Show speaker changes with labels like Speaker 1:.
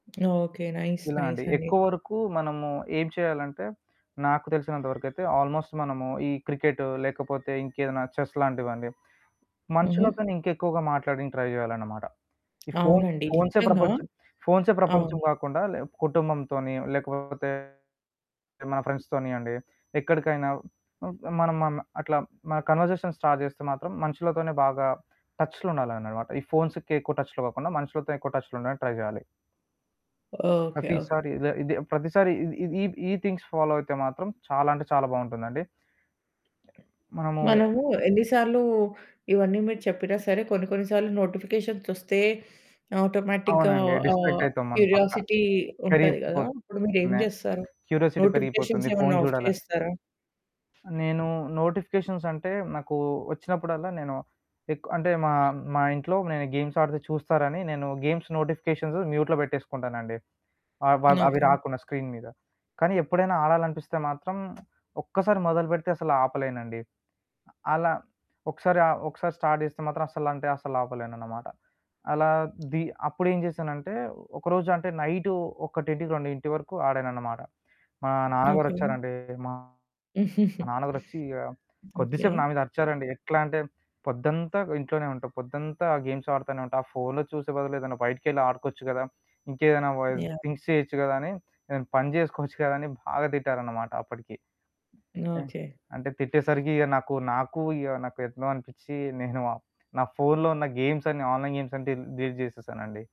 Speaker 1: Okay. Nice,
Speaker 2: ఇలా అండి.
Speaker 1: నైసండి.
Speaker 2: ఎక్కువ వరకు మనము ఏం చేయాలంటే, నాకు తెలిసినంతవరకైతే ఆల్మోస్ట్ మనము ఈ క్రికెట్టు లేకపోతే ఇంకేదైనా చెస్ లాంటివండి.
Speaker 1: హుహు.
Speaker 2: మనుషులతోనే ఇంకెక్కువగా మాట్లానికి ట్రై చేయాలన్నమాట. ఈ ఫోన్స్
Speaker 1: అవునండి.
Speaker 2: ఫోన్సే
Speaker 1: నిజంగా!
Speaker 2: ప్రపంచం ఫోన్సే ప్రపంచం
Speaker 1: అవును.
Speaker 2: కాకుండా లే కుటుంబంతోని, లేకపోతే మా ఫ్రెండ్స్‌తోని అండి. ఎక్కడికైనా హ్మ్ మనం మన అట్లా మన కన్వర్జేషన్ స్టార్ట్ చేస్తే మాత్రం మనుషులతోనే బాగా టచ్చులో ఉండాలన్ననమాట. ఈ ఫోన్స్‌కి ఎక్కువ టచ్చులో కాకుండా, మనుషులతో ఎక్కువ టచ్చులో ఉండడానికి ట్రై చేయాలి.
Speaker 1: ఓకే.
Speaker 2: ప్రతిసారి
Speaker 1: ఓకే.
Speaker 2: ఇద ఇదిే ప్రతిసారి ఇది ఈ ఈ థింగ్స్ ఫాలో అయితే మాత్రం చాలా అంటే చాలా బావుంటుందండి. మనము
Speaker 1: మనము ఎన్నిసార్లు ఇవన్నీ మీరు చెప్పినా సరే, కొన్ని కొన్ని సార్లు నోటిఫికేషన్స్ ఒస్తే ఆటోమేటిక్‌గా
Speaker 2: అవునండి. డిస్ట్రాక్ట్
Speaker 1: ఆహ్,
Speaker 2: అయితాం మనం పక్కా.
Speaker 1: క్యురియాసిటీ ఉంటది కదా!
Speaker 2: పెరిగిపోతుంది,
Speaker 1: అప్పుడు మీరేం జేస్తారు?
Speaker 2: క్యూరిసిటీ
Speaker 1: నోటిఫికేషన్స్
Speaker 2: పెరిగిపోతుంది, ఫోను
Speaker 1: ఏమన్నా ఆఫ్
Speaker 2: చూడాలని.
Speaker 1: చేస్తారా?
Speaker 2: నేను నోటిఫికేషన్స్ అంటే నాకు వచ్చినప్పుడల్లా నేను ఎక్ అంటే మా, మా ఇంట్లో నేను గేమ్స్ ఆడితే చూస్తారని నేను గేమ్స్ నోటిఫికేషన్స్ మ్యూట్‌లో పెట్టేసుకుంటానండి. ఆ వ అవి
Speaker 1: ఓకే.
Speaker 2: రాకుండా స్క్రీన్ మీద. కానీ ఎప్పుడైనా ఆడాలనిపిస్తే మాత్రం ఒక్కసారి మొదలుపెడితే అసలు ఆపలేనండి. అలా, ఒకసారి ఆహ్, ఒకసారి స్టార్ట్ జేస్తే మాత్రం అసల అంటే అసలాపలేనన్నమాట. అలా ది అప్పుడేం చేశానంటే ఒకరోజు అంటే నైటు 1, 2 వరకు ఆడానన్నమాట. మా
Speaker 1: ఓకే.
Speaker 2: నాన్నగారొచ్చారండి. మా నాన్నగారొచ్చి ఆహ్,
Speaker 1: ఓకే.
Speaker 2: కొద్దిసేపు నా మీద అరిచారండి. ఎట్లా అంటే "పొద్దంతా ఇంట్లోనే ఉంటావు. పొద్దంతా ఆ గేమ్స్ ఆడతానే ఉంటావు, ఆ ఫోనులో చూసే బదులే ఏదైనా బయటికెళ్ళి ఆడుకోవచ్చు కదా! ఇంకేదైనా బా
Speaker 1: యాహ్!
Speaker 2: థింక్స్ చేయొచ్చు కదా! అని, ఏదైనా పని చేేసుకోవచ్చు కదా!" అని బాగా తిట్టారన్నమాట అప్పటికి. హ్మ్.
Speaker 1: ఓకే.
Speaker 2: అంటే తిట్టేసరికి ఇక నాకు, నాకు ఇగ నాకెట్లో అనిపించీ, నేను ఆహ్, నా ఫోనులో ఉన్న గేమ్స్ అన్ని ఆన్‌లైన్ గేమ్స్ అంటే డిలీట్ చేసేసానండి.